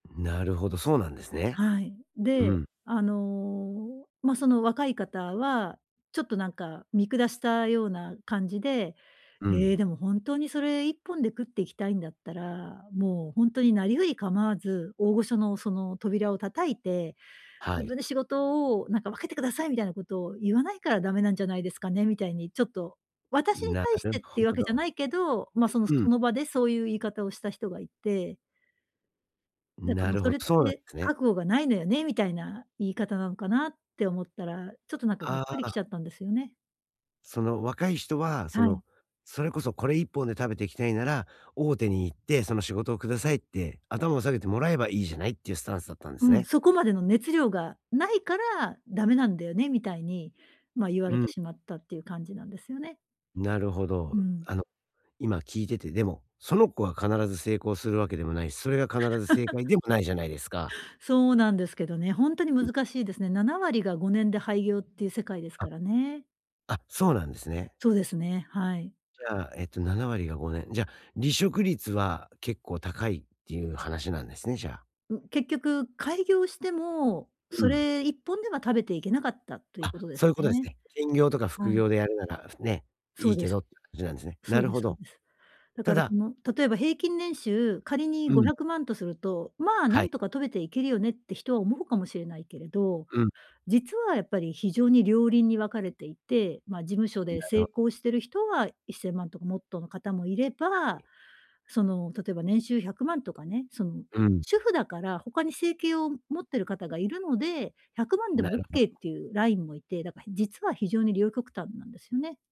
なるほど、そうなんですね。はい。うで、ん。あの、まあ、その若い方は、ちょっとなんか見下したような感じで、うん。え、でも本当にそれ一本で食っていきたいんだったら、もうほんとになりふりかまわず、大御所の、その、扉を叩いて、は自い。分で仕事をなんか分けてください、みたいなことを言わないから駄目なんじゃないですかね？みたいに、ちょっと、私にな対しるてっていうわほけじゃど。ないけど、まあ、その、うそん。の場でそういう言い方をした人がいてだか、なまあ、るほそど、れっそうなんて、すね。覚悟がないのよね、みたいな言い方なのかなって思ったら、ちょっと、なんかガッあクリきあ。たちゃったんですよね。その若い人は、そはい。の、それこそ一本で食べていきたいなら、大手に行ってその仕事をくださいって頭を下げてもらえばいいじゃない？っていうスタンスだったんですうん、ね。そこまでの熱量がないから駄目なんだよね、みたいに、まあ、言わうれてん。しまったっていう感じなんですよね。なるほうど。ん。あの、今聞いてて、でも、その子は必ず成功するわけでもないし、それが必ず正解 でもないじゃないですか？そうなんですけどね、ほんとにううん。難しいですね。7割が5年で廃業っていう世界ですあ、からね。あ、そうなんですね。そうですね、はい。じゃあ、えと、7割が5年。じゃ、離職率は結構高いっていう話なんですね？じゃあ。ん結局開業しても、うそん。れ一本では食べていけなかったというあ、ことでそうすいうことですね。ね。兼業とか副はい。業でやるなら、ふね、そいういでけす。どって感じなんですね。そなうるでほすそうど。です。だたからそだの例えば平均年収、仮にうごひん。ゃくまんとすると、まあ、なはんい。とかと食べていけるよねって人は思うかもしれないけれど、うん。実はやっぱり非常に両輪に分かれていて。まあ、事務所なでる成ほど。功してる人は1000万とかもっとの方もいれはば。い。その、例えば年収100万とかね、その、うん。主婦だから他に生計を持ってる方がいるので、100万でなもオッるほケーっど。ていうラインもいて、だか実は非常に両極端なんですよね。